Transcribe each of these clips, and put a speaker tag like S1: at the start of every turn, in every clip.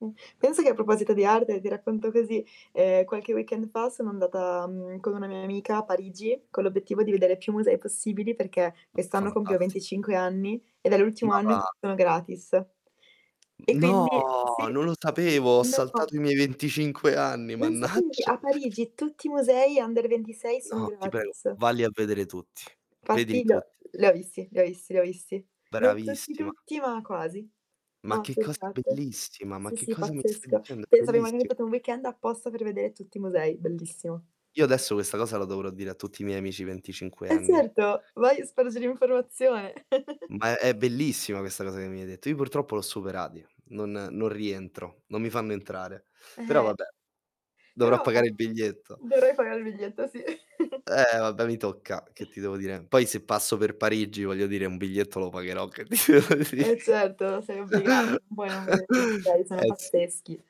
S1: Mh. Pensa che a proposito di arte, ti racconto così, ehm, qualche weekend fa sono andata, mhmm, con una mia amica a Parigi, con l'obiettivo di vedere più musei possibili, perché
S2: Ma
S1: quest'anno compio
S2: fantastico.
S1: 25 anni ed è l'ultimo
S2: Ma
S1: anno in cui
S2: va.
S1: sono gratis. E
S2: No,
S1: quindi sì,
S2: non lo sapevo. Ho saltato
S1: no.
S2: i miei 25 anni,
S1: Non sapevi che
S2: mannaggia.
S1: a Parigi tutti i musei under 26 sono
S2: No, ti prego.
S1: gratis.
S2: Valli a vedere tutti. Vedili
S1: Infatti, beh,
S2: tutti.
S1: li ho visti, li ho visti, li ho visti. Non tutti,
S2: Bravissima.
S1: tutti, ma quasi. La
S2: Ma che
S1: maggior
S2: cosa
S1: parte.
S2: bellissima! Ma
S1: Sì,
S2: che
S1: sì,
S2: cosa mi stai
S1: pazzesco.
S2: dicendo? È
S1: Pensa che
S2: bellissi
S1: [unintelligible] un weekend apposta per vedere tutti i musei. Bellissimo.
S2: Io adesso questa cosa la dovrò dire a tutti i miei amici 25
S1: Eh,
S2: enni.
S1: certo, vai a spargere informazione.
S2: Ma è bellissima questa cosa che mi hai detto. Io purtroppo li ho superati, non non rientro non mi fanno entrare. Però
S1: Eh.
S2: vabbè. Dovrò
S1: Però
S2: pagare il biglietto.
S1: dovrai pagare il biglietto, sì.
S2: Eh, vabbè, mi tocca, che ti devo dire? Poi se passo per Parigi, voglio dire un biglietto lo pagherò, che ti devo
S1: Eh,
S2: dì
S1: certo, sei obbliga non puoi non vedere i musei, sono
S2: eh, sì.
S1: pazzeschi.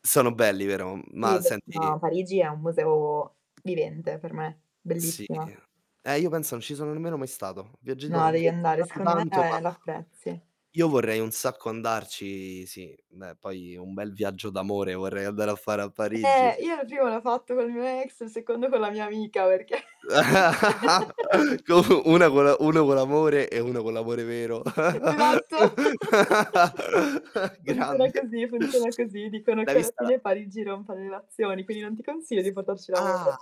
S2: Sono belli, vero?
S1: Sì
S2: Ma
S1: beh, ma
S2: senti
S1: Parigi è un museo vivente per me.
S2: Sì.
S1: Bellissima.
S2: Eh, io pensa non ci sono nemmeno mai stato. Viaggiato
S1: No,
S2: ho
S1: devi andare,
S2: viaggiato
S1: secondo me
S2: tanto, ma
S1: la apprezzi.
S2: io vorrei un sacco andarci. Sì, beh, poi un bel viaggio d'amore vorrei andare a fare a Parigi.
S1: Eh, io il primo l'ho fatto col mio ex. Il secondo con la mia amica perché
S2: Co una co' la una co' l'amore e una co' l'amore vero.
S1: Esatto. Funziona
S2: Grande.
S1: così, funziona così. Dicono
S2: L'hai
S1: che alla
S2: vista la
S1: fine Parigi rompa le relazioni, quindi non ti consiglio di portarci
S2: Ah.
S1: l'amore.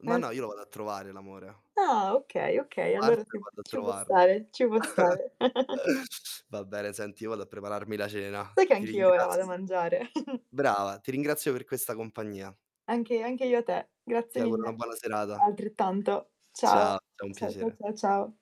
S2: Ma
S1: Eh,
S2: no, io lo
S1: sì.
S2: vado a trovare l'amore.
S1: Ah, okay, okay, allora
S2: Parto
S1: sì,
S2: e vado a
S1: ci può
S2: trovarlo.
S1: stare, ci può stare.
S2: Va bene. Senti, io vado a prepararmi la cena.
S1: Sai che
S2: Ti
S1: anch'io vado a
S2: ringrazio
S1: mangiare.
S2: brava, ti ringrazio per questa compagnia.
S1: Anche anche io a te. Grazie
S2: Ti auguro una
S1: mille.
S2: buona serata.
S1: Altrettanto.
S2: Ciao,
S1: Ciao.
S2: ciao. È un
S1: Ciao, cia
S2: piacere.
S1: cia ciao.